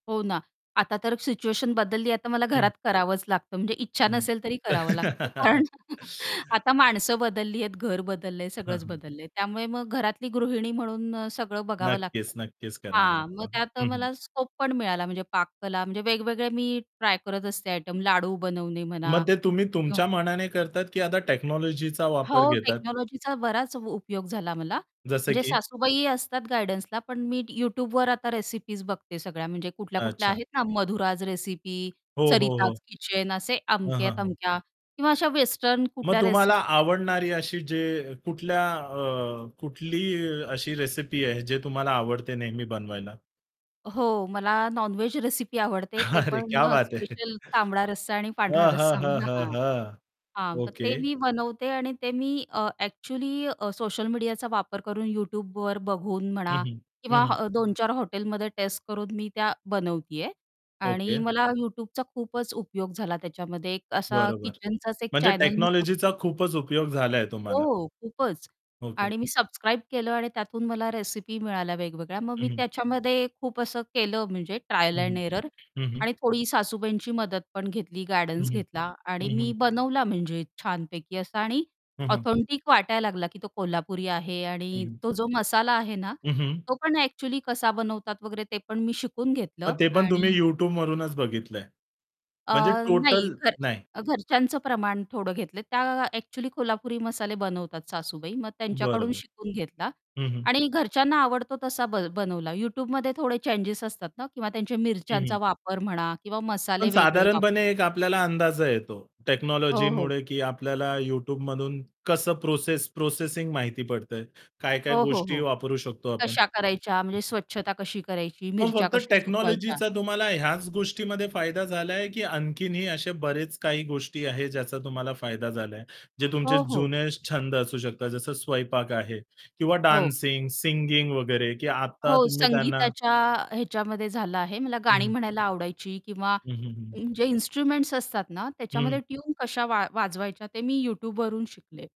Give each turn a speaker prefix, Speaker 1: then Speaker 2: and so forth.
Speaker 1: हो ना. आता तर सिच्युएशन बदलली आहे. आता मला
Speaker 2: हं.
Speaker 1: घरात करावंच लागतं म्हणजे इच्छा
Speaker 2: हं.
Speaker 1: नसेल तरी करावं लागतं कारण आता माणसं बदलली आहेत, घर बदललंय,
Speaker 2: हां,
Speaker 1: सगळंच
Speaker 2: हां.
Speaker 1: बदललंय. त्यामुळे मग घरातली गृहिणी म्हणून सगळं बघावं
Speaker 2: नक्कीच,
Speaker 1: लागतं.
Speaker 2: नक्कीच. करावं
Speaker 1: हां, मग
Speaker 2: लागतं.
Speaker 1: त्यात
Speaker 2: हं, हं.
Speaker 1: मला स्कोप पण मिळाला म्हणजे पाककला म्हणजे वेगवेगळे मी ट्राय करत असते आयटम लाडू बनवणे
Speaker 2: मग
Speaker 1: म्हणा
Speaker 2: ते तुम्ही
Speaker 1: किंवा
Speaker 2: तुमच्या मनाने करतात की आता टेक्नॉलॉजीचा वापर
Speaker 1: हो,
Speaker 2: घेतात?
Speaker 1: टेक्नॉलॉजीचा बराच उपयोग झाला मला.
Speaker 2: जसं
Speaker 1: म्हणजे
Speaker 2: की
Speaker 1: सासूबाई असतात गाईडन्सला पण मी Youtubeवर आता रेसिपीज बघते. सगळ्या म्हणजे कुठल्या-कुठल्या
Speaker 2: अच्छा.
Speaker 1: आहेत ना मधुराज रेसिपी,
Speaker 2: हो, हो,
Speaker 1: सरिताज
Speaker 2: हो.
Speaker 1: किचन असे
Speaker 2: हां, हां, हां.
Speaker 1: अमक्या-तमक्या किंवा अशा वेस्टर्न
Speaker 2: मग
Speaker 1: कुठल्या
Speaker 2: तुम्हाला
Speaker 1: रेसिपीज आहे
Speaker 2: आवडणारी अशी जे कुठल्या अ, कुठली अशी रेसिपी आहे जे तुम्हाला आवडते नेहमी बनवायला?
Speaker 1: हो, मला नॉन-व्हेज रेसिपी आवडते. ते
Speaker 2: अरे
Speaker 1: पण
Speaker 2: क्या बात है!
Speaker 1: स्पेशल तांबडा रस्सा आणि
Speaker 2: हां,
Speaker 1: पांढरा
Speaker 2: हां,
Speaker 1: रस्सा.
Speaker 2: हां, हां,
Speaker 1: हां.
Speaker 2: हां.
Speaker 1: हां. तर
Speaker 2: ओके.
Speaker 1: ते मी बनवते आणि ते मी अ, ॲक्चुअली अ, सोशल मीडियाचा वापर करून Youtubeवर बघून
Speaker 2: हं,
Speaker 1: म्हणा
Speaker 2: हं. हं,
Speaker 1: किंवा
Speaker 2: हं.
Speaker 1: 2-4 हॉटेलमध्ये टेस्ट करून मी त्या बनवते आहे आणि
Speaker 2: ओके.
Speaker 1: मला Youtubeचा खूपच उपयोग झाला त्याच्यामध्ये एक असा
Speaker 2: बरोबर.
Speaker 1: किचनचाच एक
Speaker 2: म्हणजे
Speaker 1: चॅनल मी सब
Speaker 2: टेक्नॉलॉजीचा खूपच उपयोग झाला आहे
Speaker 1: हो,
Speaker 2: तुम्हाला.
Speaker 1: हो खूपच.
Speaker 2: ओके.
Speaker 1: आणि मी सबस्क्राईब केलं आणि त्यातून मला रेसिपी मिळाल्या वेगवेगळ्या मग
Speaker 2: हं,
Speaker 1: मी
Speaker 2: हं.
Speaker 1: त्याच्यामध्ये खूप असं केलं म्हणजे ट्रायल
Speaker 2: हं,
Speaker 1: अँड
Speaker 2: हं.
Speaker 1: एरर
Speaker 2: हं, हं.
Speaker 1: आणि थोडी सासूबाईंची मदत पण घेतली
Speaker 2: हं,
Speaker 1: गाइर्डन्स
Speaker 2: हं.
Speaker 1: घेतला आणि
Speaker 2: हं,
Speaker 1: मी
Speaker 2: हं.
Speaker 1: बनवला म्हणजे छानपैकी असा आणि
Speaker 2: हं, हं.
Speaker 1: ऑथेंटिक वाटायला लागला की तो कोल्हापुरी आहे
Speaker 2: हं,
Speaker 1: आणि
Speaker 2: हं.
Speaker 1: तो जो मसाला आहे ना,
Speaker 2: हं, हं.
Speaker 1: तो पण ॲक्चुअली कसा बनवतात वगैरे ते पण मी शिकून
Speaker 2: मग
Speaker 1: घेतलं
Speaker 2: ते पण तुम्ही
Speaker 1: आणि
Speaker 2: YouTube मधूनच बघितलंय.
Speaker 1: अ,
Speaker 2: म्हणजे
Speaker 1: नाही
Speaker 2: टोटल
Speaker 1: घर
Speaker 2: नाही.
Speaker 1: अ, घरच्यांचं प्रमाण थोडं घेतलंय. त्या ॲक्चुअली कोल्हापुरी मसाले बनवतात सासूबाई. मग
Speaker 2: बरं,
Speaker 1: त्यांच्याकडून
Speaker 2: बरं.
Speaker 1: शिकून घेतला
Speaker 2: हं, हं.
Speaker 1: आणि घरच्यांना आवडतो तसा ब बनवला Youtubeमध्ये थोडे चेंजेस असतात ना किंवा त्यांचे
Speaker 2: हं,
Speaker 1: मिरच्यांचा
Speaker 2: हं.
Speaker 1: वापर म्हणा किंवा
Speaker 2: पण
Speaker 1: मसाले वेगळे वाप
Speaker 2: साधारणपणे एक आपल्याला अंदाज येतो
Speaker 1: हो, हो.
Speaker 2: टेक्नॉलॉजीमुळे की आपल्याला Youtubeमधून कसं प्रोसेस प्रोसेसिंग माहिती पडतंय. काय-काय
Speaker 1: हो, हो,
Speaker 2: गोष्टी
Speaker 1: हो.
Speaker 2: वापरू शकतो आपण?
Speaker 1: कशा करायच्या म्हणजे स्वच्छता कशी करायची,
Speaker 2: मग
Speaker 1: मिरच्या
Speaker 2: फक्त
Speaker 1: कशा सुकवायच्या.
Speaker 2: टेक्नॉलॉजीचा तुम्हाला ह्याच गोष्टीमध्ये फायदा झालाय, की आणखीनही असे बरेच काही गोष्टी आहेत ज्याचा तुम्हाला फायदा झालाय? जे तुमचे
Speaker 1: हो, हो.
Speaker 2: जुने छंद असू शकतात जसं स्वयंपाक आहे किंवा
Speaker 1: हो.
Speaker 2: डान्सिंग, सिंगिंग वगैरे की आता
Speaker 1: हो,
Speaker 2: तुम्ही त्यांना
Speaker 1: संगीताच्या ह्याच्यामध्ये झालं आहे मला
Speaker 2: हं,
Speaker 1: गाणी
Speaker 2: हं.
Speaker 1: म्हणायला आवडायची किंवा
Speaker 2: हं, हं, हं.
Speaker 1: जे इन्स्ट्रुमेंट्स असतात ना, त्याच्यामध्ये
Speaker 2: हं.
Speaker 1: ट्यून कशा वा वाजवायच्या ते मी Youtubeवरून शिकले.